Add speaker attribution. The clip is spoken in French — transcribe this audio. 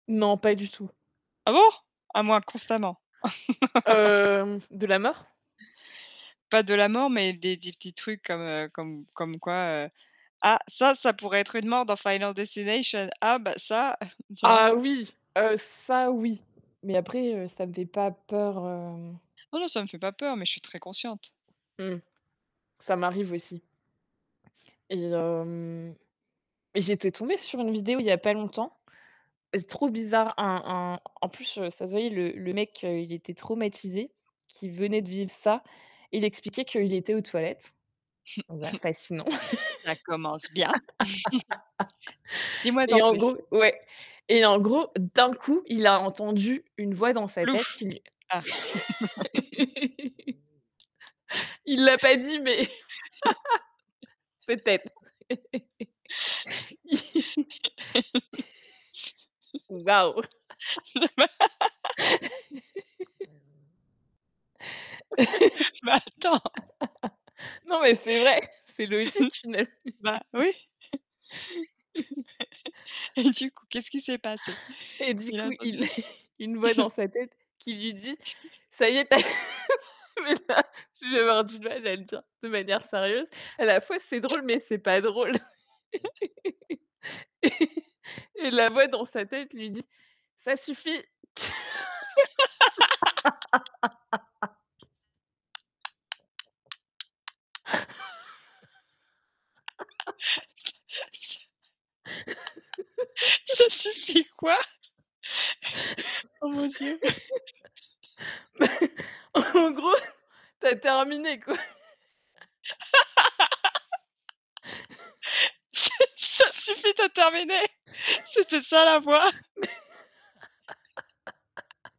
Speaker 1: Non, pas du tout.
Speaker 2: Ah bon? Ah moi, constamment.
Speaker 1: Hem, de la mort?
Speaker 2: Pas de la mort, mais des des petits trucs comme, heu, comme comme quoi, heu,: «Ah, ça ça pourrait être une mort dans, Final Destination. Ah, bah, ça!» tu vois?
Speaker 1: Ah, oui, heu, ça oui, mais après, heu, ça me fait pas peur, hem
Speaker 2: Oh, non, ça me fait pas peur, mais je suis très consciente.
Speaker 1: Mmh, ça m'arrive aussi. Et hem, j'étais tombée sur une vidéo il y a pas longtemps, trop bizarre, un un en plus, heu, ça se voyait, le le mec, heu, il était traumatisé, qu'il venait de vivre ça, il expliquait qu'il était aux toilettes. Donc, bah, fascinant.
Speaker 2: Ça commence bien. Dis-moi en
Speaker 1: Et en
Speaker 2: plus.
Speaker 1: gros ouais et en gros, d'un coup, il a entendu une voix dans sa tête
Speaker 2: Plouf!
Speaker 1: qui lui
Speaker 2: Ah.
Speaker 1: Il l'a pas dit, mais peut-être. Waouh.
Speaker 2: Bah, attends.
Speaker 1: Non, mais c'est vrai, c'est logique une l
Speaker 2: Bah, oui. Du coup, qu'est-ce qui s'est passé?
Speaker 1: Et du
Speaker 2: Il a
Speaker 1: coup,
Speaker 2: entendu?
Speaker 1: il a une voix dans sa tête qui lui dit: «Ca y est, tu as» mais là, je vais avoir du mal à le dire de manière sérieuse. À la fois, c'est drôle, mais c'est pas drôle. Et la voix dans sa tête lui dit: «Ça suffit».
Speaker 2: Ça ça ça suffit quoi. Oh mon Dieu.
Speaker 1: Bah, en gros, tu as terminé, quoi.
Speaker 2: Ça ça suffit, tu as terminé. C'était ça la voix.
Speaker 1: Mais